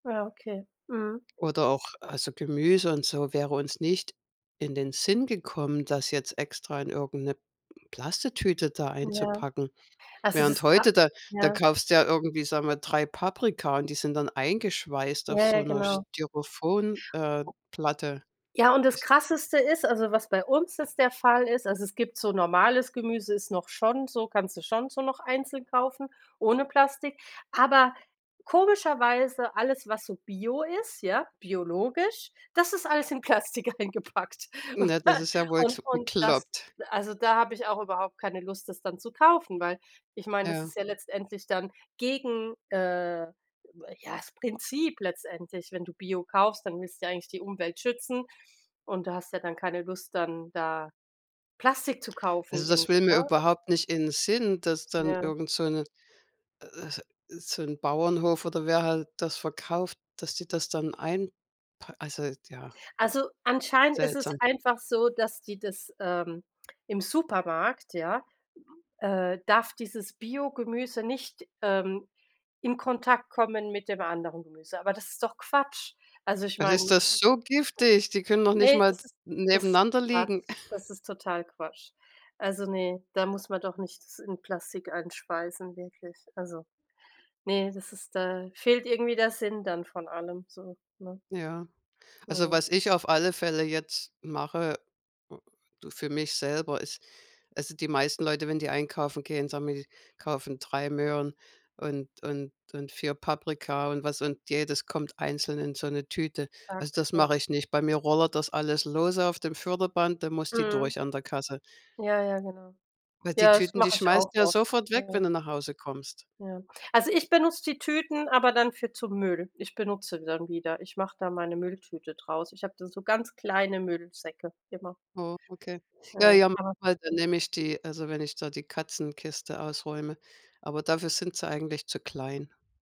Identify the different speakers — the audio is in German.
Speaker 1: Ja, okay, mhm.
Speaker 2: Oder auch also Gemüse und so, wäre uns nicht in den Sinn gekommen, das jetzt extra in irgend 'ne Plastiktüte da
Speaker 1: Ja.
Speaker 2: einzupacken.
Speaker 1: Also das
Speaker 2: Während
Speaker 1: ist kra
Speaker 2: heute, da da
Speaker 1: ja.
Speaker 2: kaufst du ja irgendwie, sagen wir, 3 Paprika und die sind dann eingeschweißt auf
Speaker 1: Ja, ja,
Speaker 2: so 'ner
Speaker 1: genau.
Speaker 2: Styrofoam, äh, Platte.
Speaker 1: Ja, und das
Speaker 2: [unintelligible]
Speaker 1: Krasseste ist also was bei uns jetzt der Fall ist also es gibt so normales Gemüse ist noch schon so kannst du schon so noch einzeln kaufen ohne Plastik, aber komischerweise alles, was so bio ist ja, biologisch, das ist alles in Plastik eingepackt.
Speaker 2: Na das ist ja wohl
Speaker 1: Und
Speaker 2: kl
Speaker 1: und das
Speaker 2: bekloppt.
Speaker 1: also da habe ich auch überhaupt keine Lust, das dann zu kaufen, weil ich meine das
Speaker 2: Ja.
Speaker 1: ist ja letztendlich dann gegen, äh ja, das Prinzip letztendlich. Wenn du Bio kaufst, dann willst du ja eigentlich die Umwelt schützen und du hast ja dann keine Lust, dann da Plastik zu kaufen
Speaker 2: Also, das
Speaker 1: irgend
Speaker 2: will mir
Speaker 1: ne? Also
Speaker 2: überhaupt nicht in Sinn, dass dann
Speaker 1: Ja.
Speaker 2: irgend so 'ne äh, so 'n Bauernhof oder wer halt das verkauft, dass die das dann einpa also ja.
Speaker 1: Also, anscheinend ist es
Speaker 2: Seltsam.
Speaker 1: einfach so, dass die das, ähm, im Supermarkt, ja, äh darf dieses Biogemüse nicht, ähm, in Kontakt kommen mit dem anderen Gemüse, aber das ist doch Quatsch. Also ich
Speaker 2: Das
Speaker 1: meine.
Speaker 2: ist das so giftig? Die können noch
Speaker 1: Das ist
Speaker 2: nicht
Speaker 1: ne,
Speaker 2: mal
Speaker 1: das ist das ist
Speaker 2: nebeneinander liegen.
Speaker 1: Quatsch. Das ist total Quatsch. Also ne, da muss man doch nicht das in Plastik einschweißen, wirklich. Also ne, das ist da fehlt irgendwie der Sinn dann von allem so, ne?
Speaker 2: Ja, also
Speaker 1: Mhm.
Speaker 2: was ich auf alle Fälle jetzt mache, so für mich selber, ist also die meisten Leute, wenn die einkaufen gehen, sagen wir die kaufen 3 Möhren und und und 4 Paprika und was und jedes kommt einzeln in so 'ne Tüte. Also das
Speaker 1: [unintelligible]
Speaker 2: mache ich nicht. Bei mir rollert das alles lose auf dem Förderband, da muss die
Speaker 1: Mhm.
Speaker 2: durch an der Kasse.
Speaker 1: Ja ja, genau.
Speaker 2: Weil die
Speaker 1: Ja, das
Speaker 2: Tüten, die
Speaker 1: mache ich
Speaker 2: schmeißt
Speaker 1: auch
Speaker 2: du ja
Speaker 1: oft.
Speaker 2: sofort weg, wenn
Speaker 1: Mhm.
Speaker 2: du nach Hause kommst.
Speaker 1: Ja. Also ich benutze die Tüten aber dann für zu Müll. Ich benutze sie dann wieder. Ich mache da meine Mülltüte draus. Ich habe da so ganz kleine Müllsäcke immer.
Speaker 2: Mhm, okay. Ja,
Speaker 1: Ja,
Speaker 2: ja
Speaker 1: aber
Speaker 2: [unintelligible] dann nehme ich die also wenn ich da die Katzenkiste ausräume, aber dafür sind sie eigentlich zu klein.